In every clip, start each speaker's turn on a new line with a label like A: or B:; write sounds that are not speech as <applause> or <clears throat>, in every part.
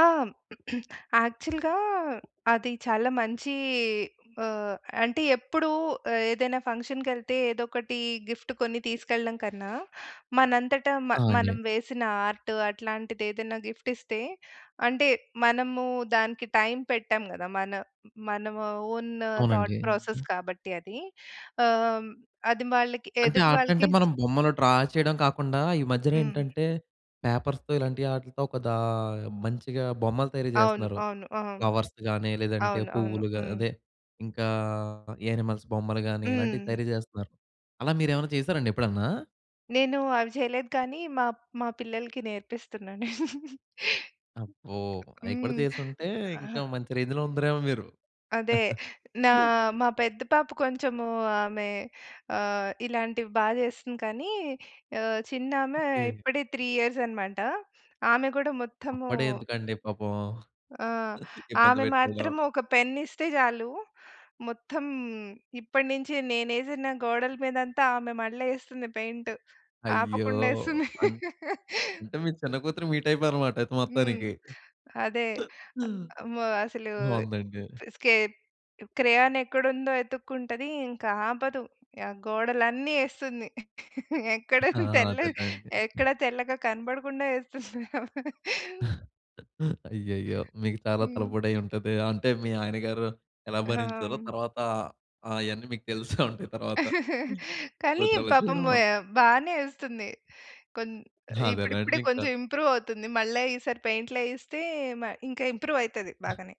A: ఆ! <clears throat> యాక్చల్‌గా అది చాలా మంచీ ఆహ్, అంటే ఎప్పుడూ ఏదైనా ఫంక్షన్‌కెళ్తే ఏదోకటి గిఫ్ట్ కొని తీసుకెళ్ళడం కన్నా, మనంతట మ
B: ఆ! అండి.
A: మనం వేసిన ఆర్ట్ అట్లాంటిదేదైనా గిఫ్ట్ ఇస్తే, అంటే మనము దానికి టైం పెట్టాం గదా! మన మన ఆహ్, ఓన్ థాట్
B: అవునండి.
A: ప్రాసెస్
B: హ్మ్.
A: కాబట్టి అది. ఆహ్, హ్మ్, అది వాళ్ళకి
B: అంటే
A: ఎదుటి
B: ఆర్టంటే
A: వాళ్ళకి ఇస్
B: మనం బొమ్మలు డ్రా చేయడం కాకుండా, ఈ
A: హ్మ్.
B: మధ్యనేంటంటే పేపర్స్‌తో ఇలాంటి ఆట్లితో ఒకదా మంచిగా బొమ్మలు తయరి
A: అవును.
B: చేస్తున్నారు.
A: అవును. ఆ!
B: ఫ్లవర్స్ గానీ, లేదంటే
A: అవును. అవును.
B: పువ్వులుగా
A: హ్మ్.
B: అదే ఇంకా యానిమల్స్ బొమ్మలు గానీ ఇలాంటివి
A: హ్మ్.
B: తయరి చేస్తున్నారు. అలా మీరేమైనా చేసారండి ఎప్పుడన్నా?
A: నేను అవి చేయలేదు కానీ మా మా పిల్లలకి నేర్పిస్తున్నాను. <chuckles>
B: అబ్బో! అయి కూడా
A: హ్మ్.
B: చేసుంటే,
A: ఆహా!
B: ఇంకా మంచి రేంజ్‌లో ఉందురేమో మీరు.
A: అదే.
B: <chuckles>
A: నా మా పెద్ద పాప కొంచము ఆమె ఆహ్, ఇలాంటివి బా చేస్తుంది. కానీ ఆహ్, చిన్నామె
B: ఓకే.
A: ఇప్పుడే 3 ఇయర్సనమాట. ఆమె గూడా మొత్తము
B: అప్పుడే ఎందుకండీ పాపం.
A: ఆ!
B: <chuckles> ఇబ్బంది
A: ఆమె
B: పెట్టేయడం.
A: మాత్రం ఒక పెన్ ఇస్తే జాలు, మొత్తం ఇప్పటి నించి నేనేసిన గోడల మీదంతా ఆమె మళ్ళా ఏస్తుంది పెయింట్.
B: అయ్యో!
A: ఆపకుండా ఏస్తుంది.
B: అన్
A: <laughs>
B: అంటే, మీ చిన్న కూతురు మీ టైపే అనమాట అయితే
A: హ్మ్.
B: మొత్తానికి.
A: అదే.
B: హ్మ్.
A: అ అమ్మో! అసలు
B: బావుందండి.
A: తిస్కె క్రెయాన్ ఎక్కడుందో ఎతుక్కుంటది ఇంక ఆపదు. గోడలన్నీ ఏస్తుంది.
B: ఆ!
A: ఎక్కడున్న తెల్లగ
B: అదేలేండి.
A: ఎక్కడ తెల్లగా కనబడకుండా ఏస్తుంది ఆమె.
B: <chuckles> అయ్యయ్యో! మీకు చాలా
A: హ్మ్.
B: తలపోడై ఉంటదే! అంటే మీ ఆయన గారు ఎలా
A: ఆ!
B: భరించారో,
A: హ్మ్.
B: తర్వాత ఆ యన్నీ మీకు తెలుసే ఉంటాయి తర్వాత.
A: <chuckles>
B: హ్మ్,
A: కానీ
B: కూతురాల చేయడం
A: పాపము
B: వల్ల.
A: బానే ఏస్తుంది. కొన్ ఇప్పుడిప్పుడే
B: అదేగాండింకా.
A: కొంచుం ఇంప్రూవ్ అవుతుంది. మళ్ళా ఈసారి పెయింట్‌లేయిస్తే మ ఇంక ఇంప్రూవ్ అయితది బాగానే.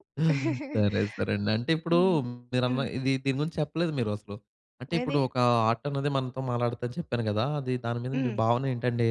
A: <chuckles>
B: సరే. సరే అండి. అంటే ఇప్పుడు
A: హ్మ్.
B: మీరన్న
A: హ్మ్.
B: ఇది దీని గురించి చెప్పలేదు మీరసలు. అంటే
A: ఏది?
B: ఇప్పుడు ఒకా ఆటనేది మనతో మాట్లాడతాదని చెప్పాను గదా! అది దాని మీద మీ
A: హ్మ్.
B: భావనేంటండి?